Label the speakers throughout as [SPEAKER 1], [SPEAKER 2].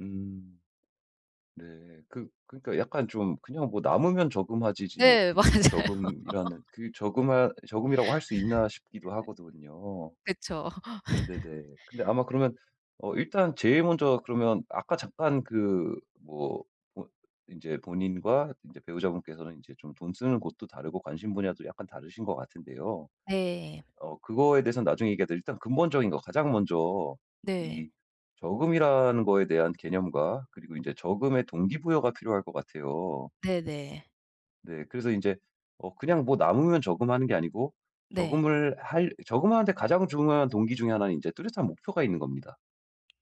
[SPEAKER 1] 음. 네. 그 그러니까 약간 좀 '그냥 뭐 남으면 저금하지.'지 뭐
[SPEAKER 2] 네 맞아요.
[SPEAKER 1] 굳이 저금이라는 그 저금할 저금이라고 할 수 있나 싶기도 하거든요.
[SPEAKER 2] 그쵸.
[SPEAKER 1] 네네. 근데 아마 그러면 어 일단 제일 먼저 그러면 아까 잠깐 그 뭐 뭐 이제 본인과 이제 배우자분께서는 이제 좀 돈 쓰는 곳도 다르고 관심 분야도 약간 다르신 것 같은데요.
[SPEAKER 2] 네.
[SPEAKER 1] 어 그거에 대해서는 나중에 얘기하더라도 일단 근본적인 거 가장 먼저
[SPEAKER 2] 네.
[SPEAKER 1] 이 저금이라는 거에 대한 개념과 그리고 이제 저금의 동기부여가 필요할 것 같아요.
[SPEAKER 2] 네네.
[SPEAKER 1] 네. 그래서 인제 어 그냥 뭐 남으면 저금하는 게 아니고
[SPEAKER 2] 네.
[SPEAKER 1] 저금을 할 저금 하는 데 가장 중요한 동기 중에 하나는 이제 뚜렷한 목표가 있는 겁니다.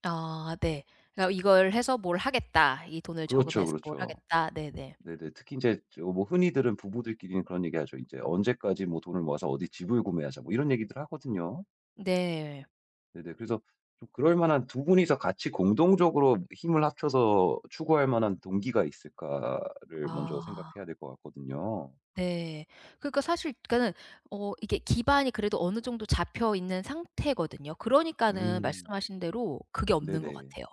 [SPEAKER 2] 아 네. 그러니까 이걸 해서 뭘 하겠다. 이 돈을
[SPEAKER 1] 그렇죠,
[SPEAKER 2] 저금해서 뭘
[SPEAKER 1] 그렇죠.
[SPEAKER 2] 하겠다. 네네.
[SPEAKER 1] 네네. 특히 인제 저 뭐 흔히들은 부부들끼리는 그런 얘기하죠. 이제 "언제까지 뭐 돈을 모아서 어디 집을 구매하자." 뭐 이런 얘기들 하거든요.
[SPEAKER 2] 네.
[SPEAKER 1] 네네. 그래서 또 그럴만한 두 분이서 같이 공동적으로 힘을 합쳐서 추구할만한 동기가 있을까를 먼저
[SPEAKER 2] 아.
[SPEAKER 1] 생각해야 될 것 같거든요.
[SPEAKER 2] 네. 그러니까 사실 그러니까는 어 이게 기반이 그래도 어느 정도 잡혀있는 상태거든요. 그러니까는
[SPEAKER 1] 음.
[SPEAKER 2] 말씀하신 대로 그게 없는 것
[SPEAKER 1] 네네.
[SPEAKER 2] 같아요.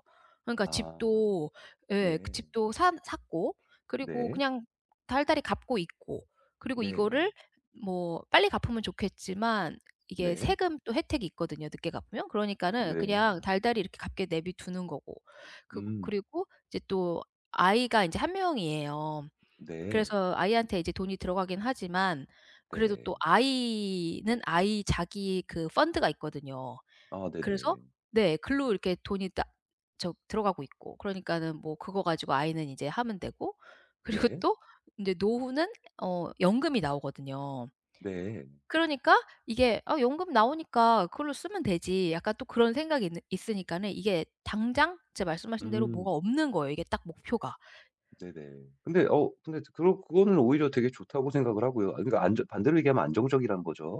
[SPEAKER 2] 그러니까
[SPEAKER 1] 아.
[SPEAKER 2] 집도 예 그
[SPEAKER 1] 네.
[SPEAKER 2] 집도 산 샀고 그리고
[SPEAKER 1] 네.
[SPEAKER 2] 그냥 달달이 갚고 있고 그리고
[SPEAKER 1] 네.
[SPEAKER 2] 이거를 뭐 빨리 갚으면 좋겠지만 이게
[SPEAKER 1] 네.
[SPEAKER 2] 세금 또 혜택이 있거든요? 늦게 갚으면. 그러니까는
[SPEAKER 1] 네.
[SPEAKER 2] 그냥 달달이 이렇게 갚게 내버려 두는 거고. 그거
[SPEAKER 1] 음.
[SPEAKER 2] 그리고 이제 또 아이가 이제 1 명이에요.
[SPEAKER 1] 네.
[SPEAKER 2] 그래서 아이한테 이제 돈이 들어가긴 하지만 그래도 또
[SPEAKER 1] 네.
[SPEAKER 2] 아이는 아이 자기 그 펀드가 있거든요.
[SPEAKER 1] 아
[SPEAKER 2] 그래서
[SPEAKER 1] 네네.
[SPEAKER 2] 네 글로 이렇게 돈이 딱 저 들어가고 있고. 그러니까는 뭐 그거 가지고 아이는 이제 하면 되고. 그리고
[SPEAKER 1] 네.
[SPEAKER 2] 또 이제 노후는 어 연금이 나오거든요.
[SPEAKER 1] 네.
[SPEAKER 2] 그러니까 이게 '아 연금 나오니까 그걸로 쓰면 되지.' 약간 또 그런 생각이 있는 있으니까는 이게 당장 진짜 말씀하신 대로 뭐가
[SPEAKER 1] 음.
[SPEAKER 2] 없는 거예요 이게 딱 목표가.
[SPEAKER 1] 네네. 근데 어 근데 그거 그거는 오히려 되게 좋다고 생각을 하고요. 아 그러니까 안 좋 반대로 얘기하면 안정적이라는 거죠.